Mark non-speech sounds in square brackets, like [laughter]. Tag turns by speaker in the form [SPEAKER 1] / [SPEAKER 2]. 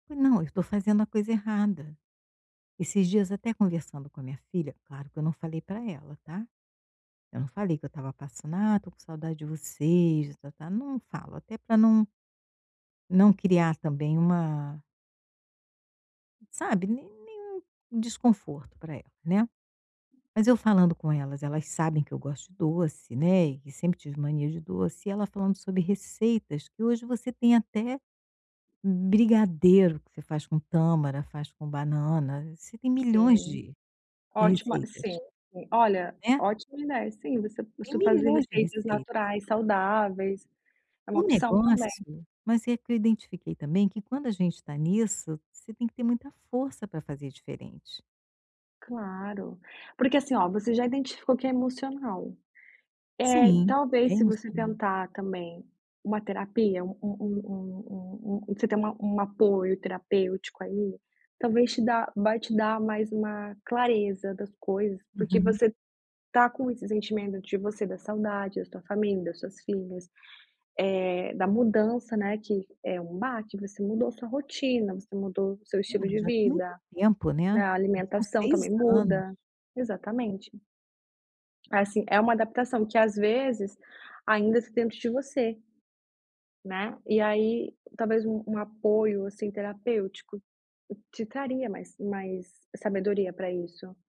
[SPEAKER 1] Não, eu tô fazendo a coisa errada. Esses dias até conversando com a minha filha, claro que eu não falei para ela, tá. Eu não falei que eu estava passando: "Ah, estou com saudade de vocês." [unintelligible] Não falo, até para não não criar também uma sabe, né nenhum desconforto para ela né, mas eu falando com elas, elas sabem que eu gosto de doce, né, e que sempre tive mania de doce. E ela falando sobre receitas que hoje você tem até brigadeiro que você faz com tâmara, faz com banana, você tem milhões
[SPEAKER 2] Sim,
[SPEAKER 1] de de
[SPEAKER 2] ótima, sim,
[SPEAKER 1] receitas.
[SPEAKER 2] olha,
[SPEAKER 1] Né.
[SPEAKER 2] ótimo, né. Sim, você
[SPEAKER 1] Tem
[SPEAKER 2] você fazer
[SPEAKER 1] milhões de
[SPEAKER 2] receitas
[SPEAKER 1] receitas.
[SPEAKER 2] naturais, saudáveis, é uma
[SPEAKER 1] O
[SPEAKER 2] opção também.
[SPEAKER 1] negócio, mas é que eu identifiquei também que quando a gente está nisso, você tem que ter muita força para fazer diferente.
[SPEAKER 2] Claro, porque, assim, olha, você já identificou que é emocional. É,
[SPEAKER 1] Sim, é
[SPEAKER 2] talvez se você
[SPEAKER 1] emocional.
[SPEAKER 2] tentar também uma terapia, um um um um um um você tenha um apoio terapêutico aí, talvez te dá vai te dar mais uma clareza das coisas, porque
[SPEAKER 1] Uhum.
[SPEAKER 2] você está com esses sentimentos de você, da saudade da sua família, das suas filhas, eh, da mudança, né, que é um baque, você mudou a sua rotina, você mudou o seu
[SPEAKER 1] É,
[SPEAKER 2] estilo de
[SPEAKER 1] já tem muito
[SPEAKER 2] vida,
[SPEAKER 1] tempo, né?
[SPEAKER 2] a
[SPEAKER 1] São
[SPEAKER 2] alimentação
[SPEAKER 1] 6
[SPEAKER 2] também
[SPEAKER 1] anos.
[SPEAKER 2] muda, exatamente. Assim, é uma adaptação que, às vezes, ainda está dentro de você, né. E aí, talvez, um um apoio, assim, terapêutico, te traria mais mais sabedoria para isso.